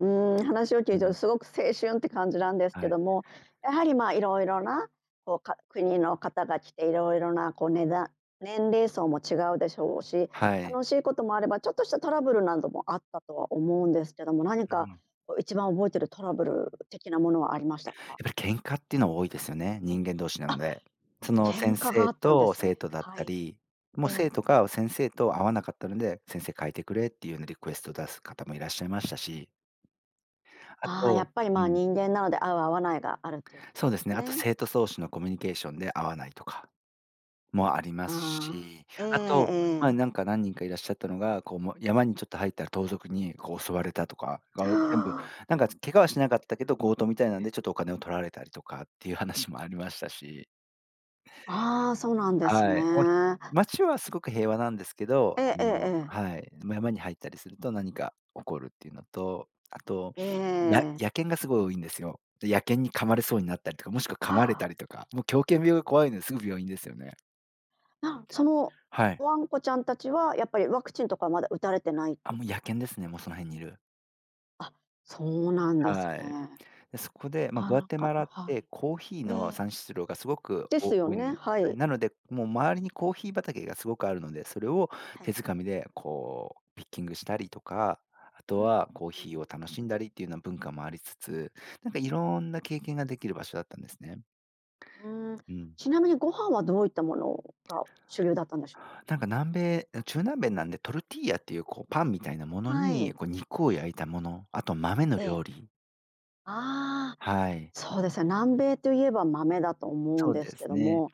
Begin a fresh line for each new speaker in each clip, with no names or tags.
うん、話を聞
う
いて
ん。
すごく青春って感じなんです
は
け
い。
ども、やはりまあ、いろいろなこう、か国の方が来て、いろいろなこうねだ年齢層も違うでしょうし、
はい。
楽しいこともあれば、ちょっとしたトラブルなどもあったとは思うんですけども、何
う
か
ん。
こう、一番覚えているトラブル的なものはありましたか？
やっぱり喧嘩っていうのは多いですよね、人間同士なん
あ、
で。その
喧
先
嘩があ
生
ったんで
と
す
生
ね。
徒だっ
は
た
い。
り、も
え
う
え。
生徒が先生と合わなかったので、先生変えてくれっていうようなリクエスト出す方もいらっしゃいましたし。あ
ああ、や
と
っぱり
う
まあ、
ん。
人間なので、合う合わないがあるっていうこ
そう
と
で
で
す
す
ね、あと
ね。
生徒そうし
う
の
ん。
コミュニケーションで合わないとかもありま
あ
す
あ、
し。
ええ
あと、ま、前
ええ。
なんか何人かいらっしゃったのが、こう、もう山にちょっと入ったら盗賊に、こう襲われたとか、がお全部、なんか、つ怪我はしなかったけど、強盗みたいな
う
ん
ん。
でちょっとお金を取られたりとかっていう話もありましたし。
ああ、そうなんですね。
はい、お街はすごく平和なんですけど、
え
あ
えええ
の
ええ。
はい、ま、山に入ったりすると何か起こるっていうのと、あと
え
や
え。
野犬がすごい多いんですよ。で、野犬に噛まれそうになったりとか、もしくは噛
は
まれ
あ。
たりとか、もう狂犬病が怖いので、すぐ病院ですよね。
あ、その
はい。
ワンコちゃんたちは、やっぱりワクチンとかまだ打たれてないち
あ、
ょっ
もう
ぷ
野
な
犬で
しょ
す
う
ね、
か？
もうその辺にいる。
あ、そうなんです
はい。
ね。
で、そこ
な
で、ま、
か
グア
な
テ
か
マ
あ、
ラっ
は
て
い。
コーヒー
えええ
の
え。
産出量がすごく
です
お
よ
多いの
ね、
ね。
は
はい、
い。
なので、もう周りにコーヒー畑がすごくあるので、それを
は
手
い。
掴みでこうピッキングしたりとか、あ
う
と
ん。う
はコー
ーん、う
ヒーを
ん。
楽しんだりっていうな文化もありつつ、なんかいろ
う
ん
んう
な
ん。
経験ができる場所だったんですね。
うーん、
うん。
ちなみにご飯はどういったものが主流だったんでしょうか？
なんか南米や、中南べんなんで、トルティーヤっていう、こうパンみたいなもの
はい。
に、こう肉
え
を
え。
焼いたもの、あと豆の
え
料
え。
理。
ああ、
はい。う
そうですよ、南米といえば豆だと思うん
そう
です
で
け
す
ど
ね。
も、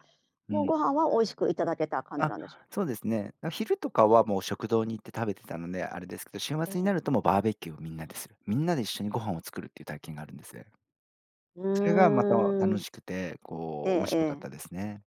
う
もう
ん。
ご飯は美味しくいただけた感じ
あ、
なんでしょ
そうですね。な昼とかはもう食堂に行って食べてたので、あれですけど、週
え
末に
え。
なるともうバーベキューをみんなでする。みんなで一緒にご飯を作るっていう体験があるんです。
う
それがまた
ー
楽
ん。
しくて、
え
こう面
え
白か
え
っ
え。
たですね。